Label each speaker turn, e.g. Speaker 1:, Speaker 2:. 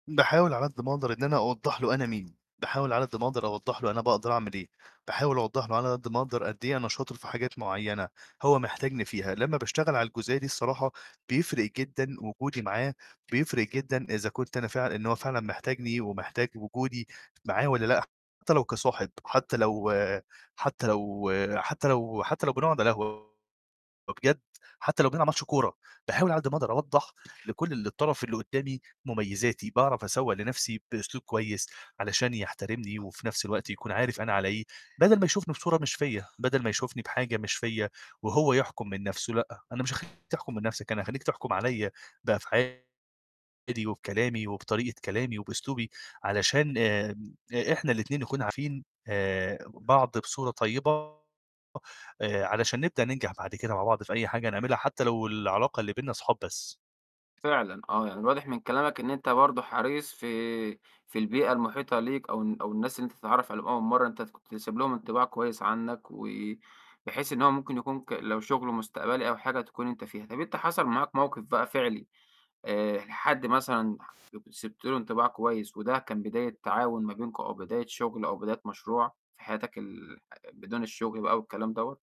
Speaker 1: باحاول على قد ما أقدر إن أنا أوضّح له أنا مين، باحاول على قد ما أقدر أوضّح له أنا باقدر أعمل إيه، باحاول أوضّح له على قد ما أقدر قد إيه أنا شاطر في حاجات معيّنة، هو محتاجني فيها لمّا باشتغل على الجزئية دي الصراحة بيفرق جدًا وجودي معاه، بيفرق جدًا إذا كنت أنا فعلًا إن هو فعلًا محتاجني ومحتاج وجودي معاه والّا لأ. حتّى لو كصاحب حتّى لو حتى لو حتّى لو حتّى لو بنقعد على قهوة، وبجد حتّى لو بنلعب ماتش كورة، باحاول على قد ما أقدر أوضّح لكل الطرف اللي قُدّامي مُميّزاتي، باعرف أسوّق لنَفْسي بأسلوب كويس علشان يحترمني وفي نَفْس الوقت يكون عارف أنا على إيه، بَدَل ما يشوفني بصورة مش فيّا، بَدَل ما يشوفني بحاجة مش فيّا، وهو يحكُم من نَفْسه، لأ. أنا مش هاخلّيك تحكُم من نَفْسك، أنا هاخلّيك تحكُم عليّا بأفعالي وبكلامي وبطريقة كلامي وبأسلوبي علشان آآ إ إحنا الاتنين نكون عارفين آآ بعض بصورة طيبة، آآ علشان نبدأ ننجح بعد كده مع بعض في أي حاجة نعملها حتّى لو العلاقة اللي بيننا صحاب بس.
Speaker 2: فعلًا آه. يعني واضح من كلامك إن أنت برضه حريص في في البيئة المحيطة ليك أو الن أو الناس اللي أنت بتتعرّف عليهم أول مرّة، أنت كنت سايب لهم انطباع كويس عنّك، وبحيث إن هو ممكن يكون ك لو شُغل مستقبلي أو حاجة تكون أنت فيها. طَب أنت حصل معاك موقِف بقى فعلي آآ ح حد مثلًا [unintelligible] كنت سِبت له انطباع كويس، وده كان بداية تعاون ما بينكم أو بداية شُغل أو بداية مشروع في حياتك ال بدون الشُغل بقى أو الكلام دوّة؟